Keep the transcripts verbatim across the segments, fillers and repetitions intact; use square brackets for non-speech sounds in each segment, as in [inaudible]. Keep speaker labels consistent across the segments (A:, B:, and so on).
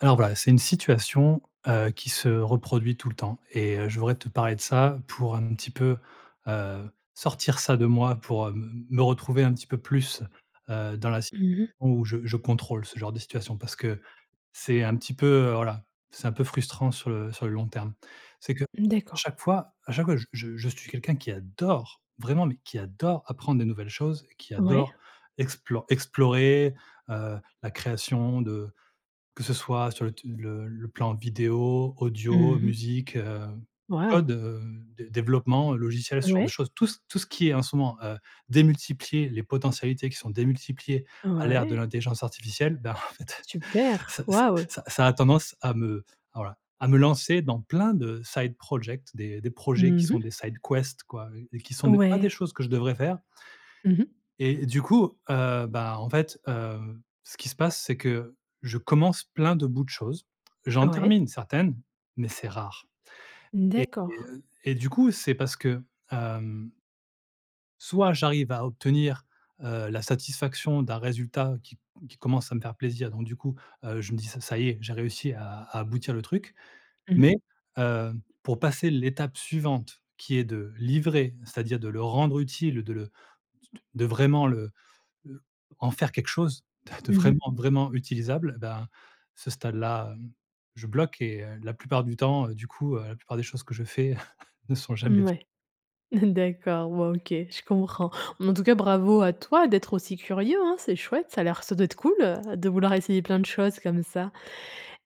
A: Alors voilà, c'est une situation, heu, qui se reproduit tout le temps et heu, je voudrais te parler de ça pour un petit peu, heu, sortir ça de moi, pour, heu, me me retrouver un petit peu plus, heu, dans la sit
B: Mmh mh.
A: on où je je contrôle ce genre de situation. Parce que c'est un petit peu, heu, voilà c'est un peu frustrant sur le sur le long terme. C'est que
B: Mmh, d'accord.
A: chaque fois à chaque fois, j je je suis quelqu'un qui adore, vraiment, mais qui adore apprendre de nouvelles choses, qui
B: Ouais.
A: adore explo explorer, heu, la création de que ce soit sur le te le le plan vidéo, audio,
B: Mmh mh.
A: musique, heu, code,
B: Waouh!
A: heu, dé développement, logiciel, ce genre de
B: Ouais.
A: choses. Tout ce tout ce qui est en ce moment, heu démultiplier les potentialités qui sont démultipliées, à l'ère de
B: Ouais.
A: l'intelligence artificielle. Ben, en fait,
B: Super,
A: ça
B: waouh!
A: ça ça a tendance à me, voilà à me lancer dans plein de side project, des des projets qui
B: Mmh
A: sont des
B: mh.
A: side quest quoi, heu, et qui sont des pas des
B: Ouais.
A: choses que je devrais faire
B: Mmh mh.
A: et du coup, heu, bah, en fait, hem, ce qui se passe c'est que, je commence plein de bouts de choses, j'en
B: Ouais.
A: termine certaines, mais c'est rare.
B: mmh,
A: Et
B: d'accord.
A: heu, et du coup c'est parce que, hem soit j'arrive à obtenir, heu, la satisfaction d'un résultat qui c qui commence à me faire plaisir donc, du coup, heu, je me dis ça ça y est j'ai réussi à à aboutir le truc
B: Mmh mh.
A: mais, hem, pour passer l'étape suivante qui est de livrer, c'est-à-dire de le rendre utile, de le s t de vraiment le, heu en faire quelque chose, de
B: Mmh mh.
A: vraiment vraiment utilisable, bah, ce stade-là, mmh, je bloque et heu, la plupart du temps, heu, du coup, la plupart des choses que je fais [chuckles] ne sont jamais fi
B: Mouais, [chuckles] d'accord, bon OK, je comprends. Bon, en tout cas, bravo à toi d'être aussi curieux, hein. C'est chouette, ça a l'air ça doit être cool, heu, de vouloir essayer plein de choses comme ça.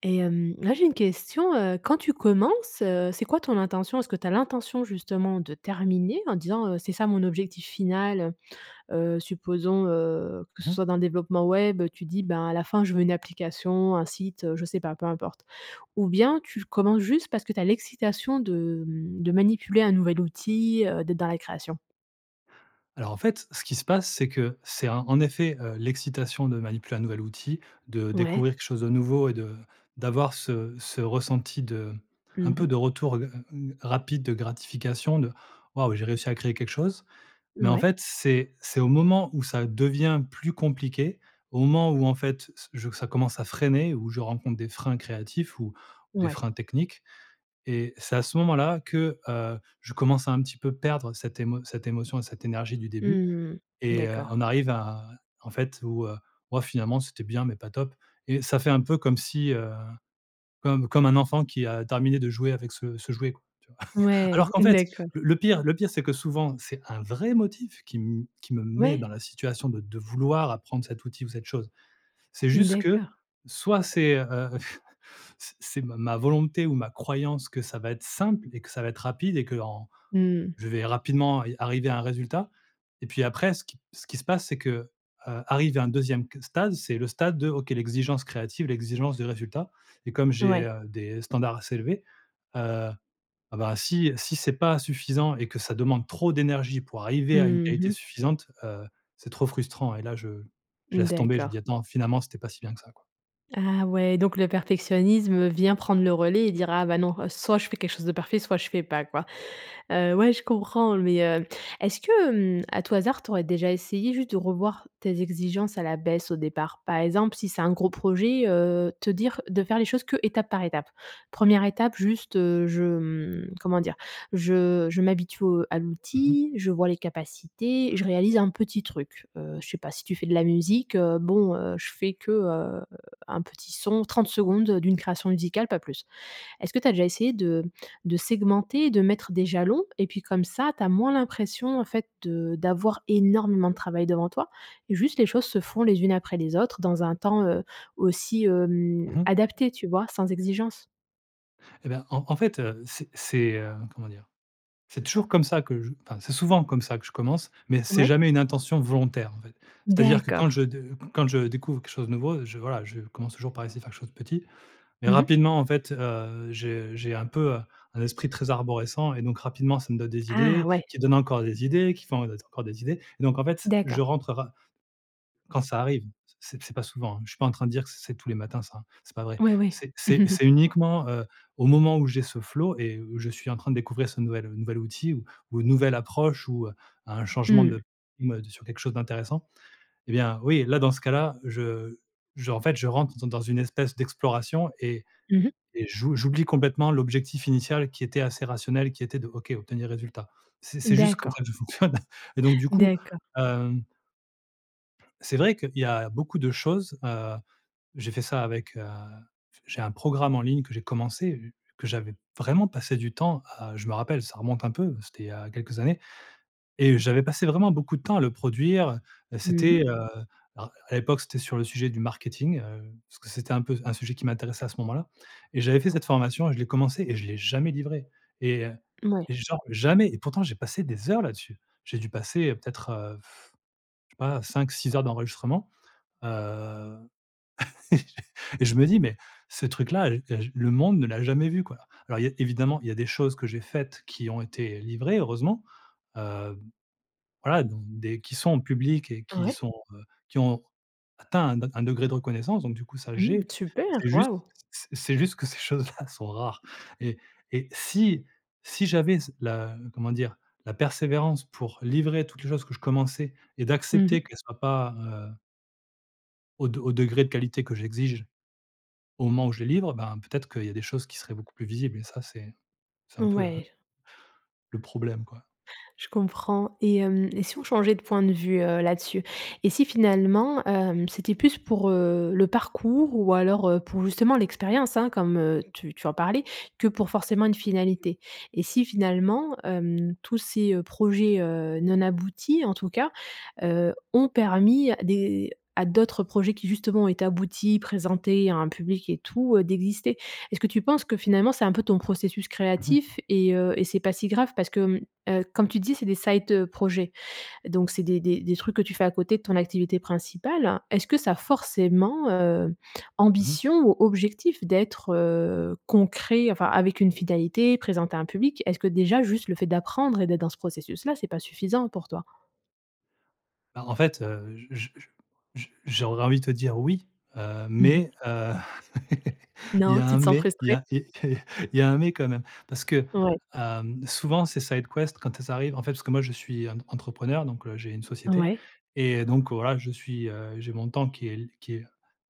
B: Et hem, là j'ai une question: heu, quand tu commences, heu, c'est quoi ton intention? Est-ce que tu as l'intention, justement, de terminer en disant, heu: «C'est ça mon objectif final»? Heu, heu supposons, heu, que
A: Mmh
B: ce
A: mh.
B: soit dans le développement web, tu dis: «Ben, à la fin je veux une application, un site». Heu, je sais pas, peu importe. Ou bien tu commences juste parce que tu as l'excitation de, mmh de manipuler un nouvel outil, heu, d'être dans la création?
A: Alors en fait, ce qui se passe, c'est que, c'est en en effet, heu, l'excitation de manipuler un nouvel outil, de
B: Ouais.
A: découvrir quelque chose de nouveau et de d'avoir ce ce ressenti de un
B: Mmh
A: peu
B: mh.
A: de retour, heu heu, hem, rapide de gratification de «Waouh! j'ai réussi à créer quelque chose». Mais en
B: Ouais.
A: fait, c'est c'est au moment où ça devient plus compliqué, au moment où, en fait, ç je veux que ça commence à freiner, où je rencontre des freins créatifs ou des
B: Ouais.
A: freins techniques et c'est à ce moment-là que, heu, je commence à un petit peu perdre cette émo cette émotion et cette énergie du début
B: Mmh.
A: et heu,
B: D'accord.
A: on arrive à en fait, où, heu, «Waouh! finalement c'était bien, mais pas top!» et ça fait un peu comme si, heu, comme comme un enfant qui a terminé de jouer avec ce ce, jouet, quoi, tu vois? [chuckles] Alors
B: Ouais,
A: qu'en fait
B: d'accord.
A: le le pire le pire c'est que souvent, c'est un vrai motif qui me qui me met
B: Ouais.
A: dans la situation de de vouloir apprendre cet outil ou cette chose. C'est juste que
B: D'accord.
A: soit c'est, heu, [chuckles] c'est c'est ma ma volonté ou ma croyance que ça va être simple et que ça va être rapide et que en
B: Mmh.
A: je vais rapidement a arriver à un résultat et puis après ce qui ce qui se passe c'est que, heu, arrivé à un deuxième qu stade, c'est le stade de OK, l'exigence créative, l'exigence de résultat et comme j'ai,
B: Ouais.
A: heu, des standards assez élevés, heu, ah, ben, si si c'est pas suffisant et que ça demande trop d'énergie pour arriver à une
B: Mmh
A: qualité
B: mh.
A: suffisante, heu, c'est trop frustrant et là, je je laisse tomber, je
B: D'accord.
A: dis: «1ttends finalement c'était pas si bien que ça, quoi».
B: Ah ouais, donc le perfectionnisme vient prendre le relais et dire: «Ah, bah non, soit je fais quelque chose de parfait, soit je fais pas, quoi», heu, ouais, je comprends, mais, heu, est-ce que, hem, à tout hasard, tu aurais déjà essayé, juste, de revoir tes exigences à la baisse au départ? Par exemple, si c'est un gros projet, heu, te dire de faire les choses que étape par étape? première étape juste, heu, je, hem, comment dire? Je je m'habitue au à
A: Mmh mh.
B: l'outil, je vois les capacités, je réalise un petit truc, heu, je sais pas si tu fais de la musique, heu, bon, heu, je fais que, heu, un petit son, trente secondes d'une création musicale, pas plus. Est-ce que tu as déjà essayé de de segmenter et de mettre des jalons et puis comme ça, tu as moins l'impression en fait de d'avoir énormément de travail devant toi et juste les choses se font les unes après les autres dans un temps, heu, aussi, hem,
A: Mmh mh.
B: adapté, tu vois? Sans exigence.
A: Eh ben, en en fait, heu, c'est c'est, heu, comment dire? C'est toujours comme ça que je enfin, c'est souvent comme ça que je commence, mais c'est
B: Ouais.
A: jamais une intention volontaire en fait. C'est-à-dire que quand je
B: D'accord.
A: de quand je découvre quelque chose de nouveau, je, voilà, je commence toujours par essayer faire quelque chose de petit. Mais
B: Mmh mh.
A: rapidement, en fait, heu, j'ai j'ai un peu, heu, un esprit très arborescent et donc rapidement, ça me donne des
B: Ah!
A: idées,
B: Ouais.
A: qui donnent encore des idées, qui font encore des idées et donc en fait, je
B: D'accord.
A: rentre ra quand ça arrive, c c c'est pas souvent. Je suis pas en train de dire que c'est c'est tous les matins ça, c'est pas vrai.
B: Ouais, ouais.
A: C'est c'est c'est
B: [chuckles]
A: uniquement, heu, au moment où j'ai ce flow et je suis en train de découvrir ce nouvel ce nouvel outil ou ou une nouvelle approche ou, heu, un changement
B: Mmh.
A: de, mmh «tu es sur quelque chose d'intéressant!». Eh bien, oui, là, dans ce cas-là, je je en fait, je rentre dans dans une espèce d'exploration et
B: Mmh mh.
A: et j'ou j'oublie complètement l'objectif initial qui était assez rationnel, qui était de: «OK, obtenir résultat». C'est c'est juste comme
B: D'accord.
A: ça que fonctionne et donc du coup,
B: D'accord.
A: hem c'est vrai qu'il y a beaucoup de choses, heu, j'ai fait ça avec, heu, j'ai un programme en ligne que j'ai commencé, que j'avais vraiment passé du temps à je me rappelle ça remonte un peu, c'était il y a quelques années et j'avais passé vraiment beaucoup de temps à le produire,
B: Mmh
A: c'était, heu,
B: mh.
A: alors à l'époque, c'était sur le sujet du marketing, heu, parce que c'était un peu un sujet qui m'intéressait à ce moment-là et j'avais fait cette formation et je l'ai commencé et je l'ai jamais livrée et
B: Mouais.
A: et genre jamais et pourtant j'ai passé des heures là-dessus. J'ai dû passer peut-être, heu, pff, je sais pas, cinq-six heures d'enregistrement, heu [laughs] et je me dis: «Mais, ce truc-là, heu, je le monde ne l'a jamais vu!», quoi. Alors, il y a évidemment, il y a des choses que j'ai faites qui ont été livrées, heureusement, heu, voilà, donc des qui sont en publiques et qui
B: Ouais.
A: sont, heu, qui ont atteint un un degré de reconnaissance donc du coup, ça,
B: Mmh.
A: j'ai.
B: Super!
A: C'est juste
B: Waouh!
A: c'est c'est juste que ces choses là sont rares et et si, si j'avais ce la comment dire? La persévérance pour livrer toutes les choses que je commençais et
B: Mmh
A: d'accepter
B: mh.
A: qu'elles soient pas, heu au de au degré de qualité que j'exige, au moment où je les livre, ben, peut-être qu'il y a des choses qui seraient beaucoup plus visibles et ça c'est c'est un peu le
B: Ouais.
A: le problème, quoi.
B: Je comprends et hem et si on changeait de point de vue, heu, là-dessus? Et si finalement, hem, c'était plus pour, heu, le parcours ou alors, heu, pour justement l'expérience, hein, comme, heu, tu tu en parlais que pour forcément une finalité? Et si finalement, hem, tous ces, heu, projets, heu, non aboutis, en tout cas, heu, ont permis à des à d'autres projets qui justement ont été aboutis, présentés à un public et tout, d'exister? Est-ce que tu penses que finalement c'est un peu ton processus
A: Mmh mh.
B: créatif et heu, et c'est pas si grave parce que, hem, heu, comme tu dis c'est des side projets, donc c'est des des des trucs que tu fais à côté de ton activité principale. Est-ce que ça a forcément, heu,
A: Mmh mh.
B: ambition ou objectif d'être, heu, concret, enfin, avec une finalité, présenté à un public. Est-ce que déjà juste, le fait d'apprendre et d'être dans ce processus-là, c'est pas suffisant pour toi?
A: Bah en fait, heu, j j j j j'aurais envie de te dire: «oui», heu,
B: Mmh mh.
A: mais, heu, [laughs] il y
B: Non?
A: a
B: Tu
A: un
B: te sens
A: mais, il y
B: frustré?
A: a il il y a un mais quand même parce que,
B: Ouais.
A: hem, souvent ces side quests quand elles arrivent, en fait, parce que moi je suis entre entrepreneur, donc, heu, j'ai une société
B: Ouais.
A: et donc voilà, je suis, heu, j'ai mon temps qui est qui est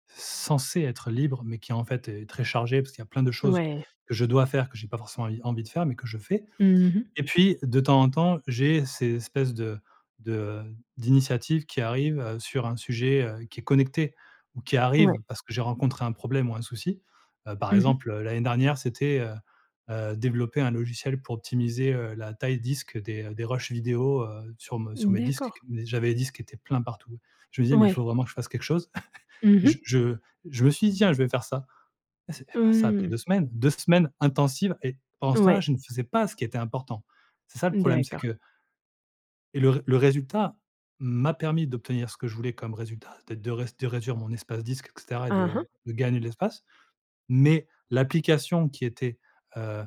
A: censé être libre, mais qui, en fait, est très chargé, parce qu'il y a plein de choses
B: Ouais.
A: que je dois faire, que j'ai pas forcément envie envie de faire mais que je fais
B: Mmh mh.
A: et puis, de temps en temps, j'ai ces espèces de de d'initiatives qui arrivent, heu, sur un sujet, heu, qui est connecté ou qui
B: Ouais.
A: arrivent parce que j'ai rencontré un problème ou un souci, heu, par
B: Mmh mh.
A: exemple, l'année dernière, c'était, heu heu, développer un logiciel pour optimiser, heu, la taille disque des des rushs vidéos, heu, sur me sur mes disques,
B: D'accord.
A: qu qu j'avais des disques qui étaient pleins partout. Je me disais: «Mais il
B: Ouais.
A: faut vraiment que je fasse quelque chose!» [chuckles]
B: Mmh
A: et
B: mh.
A: je je je me suis dit tiens, je vais faire ça et c'est et voilà ça a pris
B: Mmh.
A: deux semaines, deux semaines intensives et pendant ce temps-là,
B: Ouais.
A: je ne faisais pas ce qui était important. C'est ça le problème, c'est
B: D'accord.
A: que et le re le résultat, m'a permis d'obtenir ce que je voulais comme résultat, c'est-à-dire de réd de réduire mon espace disque et cetera et
B: Hein,
A: de
B: hein.
A: de gagner de l'espace. Mais, l'application qui était, heu,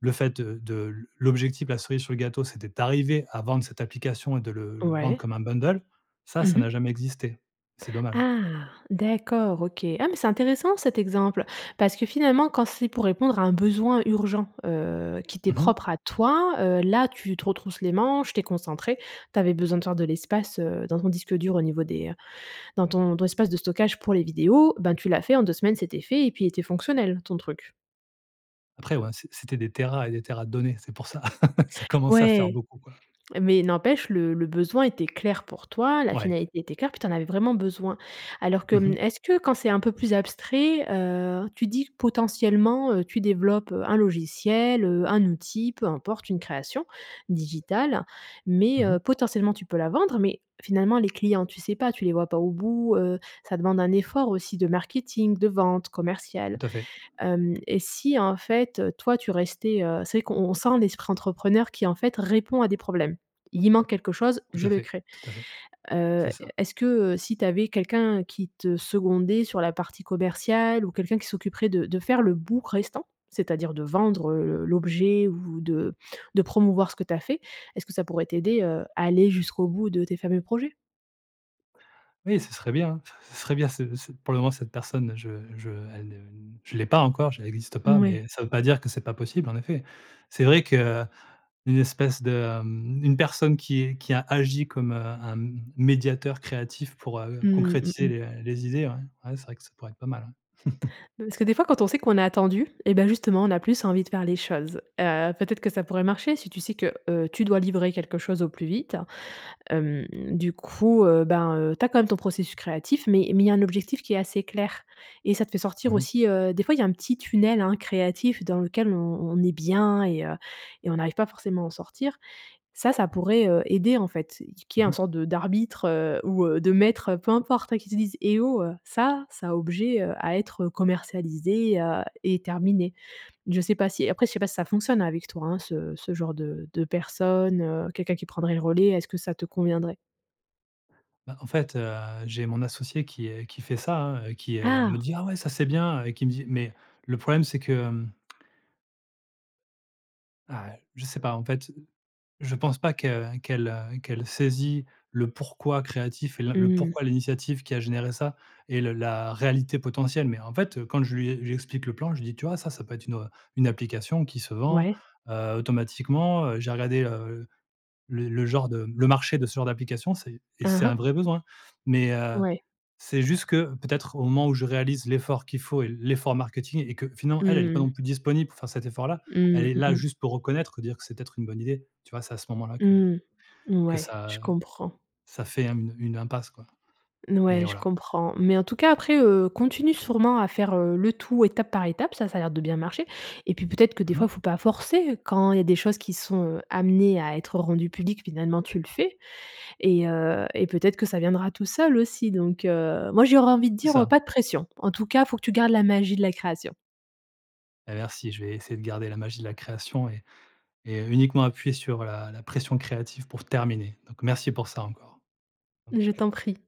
A: le fait de de l'objectif, la cerise sur le gâteau, c'était d'arriver à vendre cette application et de le le vendre
B: Ouais.
A: comme un bundle, ça,
B: Mmh
A: ça n'a
B: mh.
A: jamais existé. C'est dommage.
B: Ah, d'accord, OK. Ah, mais c'est intéressant cet exemple. Parce que finalement, quand c'est pour répondre à un besoin urgent, heu, qui t'es
A: Mmh mh.
B: propre à toi, heu, là, tu te retrousse les manches, tu es concentré, tu avais besoin de faire de l'espace, heu, dans ton disque dur au niveau des dans ton ton espace de stockage pour les vidéos, ben, tu l'as fait en deux semaines, c'était fait et puis il était fonctionnel ton truc?
A: Après ouais, c'est c'était des téras et des téras de données. C'est pour ça, [laughs] ça commençait à faire
B: Ouais.
A: beaucoup, quoi.
B: Mais n'empêche le le besoin était clair pour toi, la
A: Ouais.
B: finalité était claire, puis tu en avais vraiment besoin. Alors que
A: Mmh
B: mmh,
A: mh.
B: est-ce que quand c'est un peu plus abstrait, heu, tu te dis que potentiellement, heu, tu développes, heu, un logiciel, heu, un outil, peu importe, une création digitale, mais,
A: Mmh
B: heu
A: mh.
B: -potentiellement tu peux la vendre- mais finalement les clients tu sais pas, tu les vois pas au bout, heu, ça demande un effort aussi de marketing, de vente, commercial.
A: Tout à fait.
B: Hem et si en fait, heu, toi tu restais, heu c'est vrai qu'on on sent l'esprit entrepreneur qui en fait répond à des problèmes. Il manque quelque chose,
A: Tout
B: je
A: à
B: le
A: fait,
B: crée.
A: tout à fait.
B: Heu,
A: C'est ça.
B: est-ce que, heu, si tu avais quelqu'un qui te secondait sur la partie commerciale ou quelqu'un qui s'occuperait de de faire le bout restant, c'est-à-dire de vendre, heu, le l'objet ou de de promouvoir ce que tu as fait, est ce que ça pourrait t'aider, heu, à aller jusqu'au bout de tes fameux projets?
A: Oui, ce serait bien, hein, c ce serait bien ce ce pour le moment cette personne je je elle ne, heu je l'ai pas encore, j elle existe pas,
B: Mouais.
A: mais ça veut pas dire que c'est pas possible, en effet. C'est vrai qu'une espèce de mmh, une personne qui qui a agi comme, heu, un m médiateur créatif pour, heu,
B: Mmh, mmh
A: concrétiser les,
B: mh.
A: heu, les idées, ouais. Ouais, c'est vrai que ça pourrait être pas mal, ouais. [chuckles]
B: Heu parce que des fois, quand on sait qu'on est attendu eh ben, justement, on a plus envie de faire les choses. Heu, peut-être que ça pourrait marcher si tu sais que, heu, tu dois livrer quelque chose au plus vite. Hem, du coup, heu, ben, heu, tu as quand même ton processus créatif, mais mais il y a un objectif qui est assez clair et ça te fait sortir
A: Mmh mh.
B: aussi, heu des fois il y a un petit tunnel, hein, créatif dans lequel on on est bien et heu et on n'arrive pas forcément à en sortir. Ça, ça pourrait, heu, aider en fait, qu'il y
A: Mmh
B: ait un
A: mh.
B: sorte de d'arbitre, heu, ou, heu, de maître, heu, peu importe, hein, qui te dise: «Eh oh! Heu, ça ça a objet, heu, à être, heu, commercialisé, heu et terminé». Je sais pas si après je sais pas si ça fonctionne avec toi, hein, ce ce genre de de personne, heu, quelqu'un qui prendrait le relais, est-ce que ça te conviendrait?
A: Bah, en fait, heu, j'ai mon associé qui est qui fait ça, hein, heu, qui, heu, me
B: Ah!
A: dit: «Ah ouais, ça c'est bien» et qui me dit mais le problème, c'est que, hem ah, heu, je sais pas en fait, je pense pas que qu'elle, heu, qu'elle saisit le pourquoi créatif et l le
B: Mmh.
A: pourquoi l'initiative qui a généré ça et le la réalité potentielle. Mais en fait, heu, quand je lui e je lui explique le plan, je lui dis: «Tu vois ça ça peut être une, heu, une application qui se vend,
B: Ouais.
A: heu. Automatiquement, heu, j'ai regardé heu, le le genre de m le marché de ce genre d'application c'est et
B: Hein,
A: c'est
B: hein.
A: un vrai besoin». Mais, heu,
B: Ouais.
A: c'est juste que peut-être au moment où je réalise l'effort qu'il faut et l'effort marketing et que finalement elle, elle est pas non
B: Mmh.
A: plus disponible pour faire cet effort-là, elle
B: Mmh,
A: est
B: mmh
A: là
B: mh.
A: juste pour reconnaître, pour dire que c'est peut-être une bonne idée, tu vois? C'est à ce moment-là que
B: Mmh.
A: que
B: Mouais, je
A: ça
B: comprends.
A: ça fait, hem, une impasse, quoi.
B: N
A: Mais
B: ouais, je
A: voilà.
B: comprends. Mais en tout cas après, heu, continue sûrement à faire, heu, le tout étape par étape, ça ça a l'air de bien marcher, et puis peut-être que des
A: Mmh
B: fois,
A: mh.
B: faut pas forcer. Quand il y a des choses qui sont, heu, amenées à être rendues publiques, finalement tu le fais et heu, et peut-être que ça viendra tout seul, aussi, donc, heu, moi j'aurais envie de
A: C'est
B: dire, heu:
A: ça.
B: «Pas de pression». En tout cas, il faut que tu gardes la magie de la création.
A: Beh, merci, je vais essayer de garder la magie de la création et et heu, uniquement appuyer sur la la pression créative pour terminer. Donc merci pour ça encore. Mmh.
B: Je t'en prie.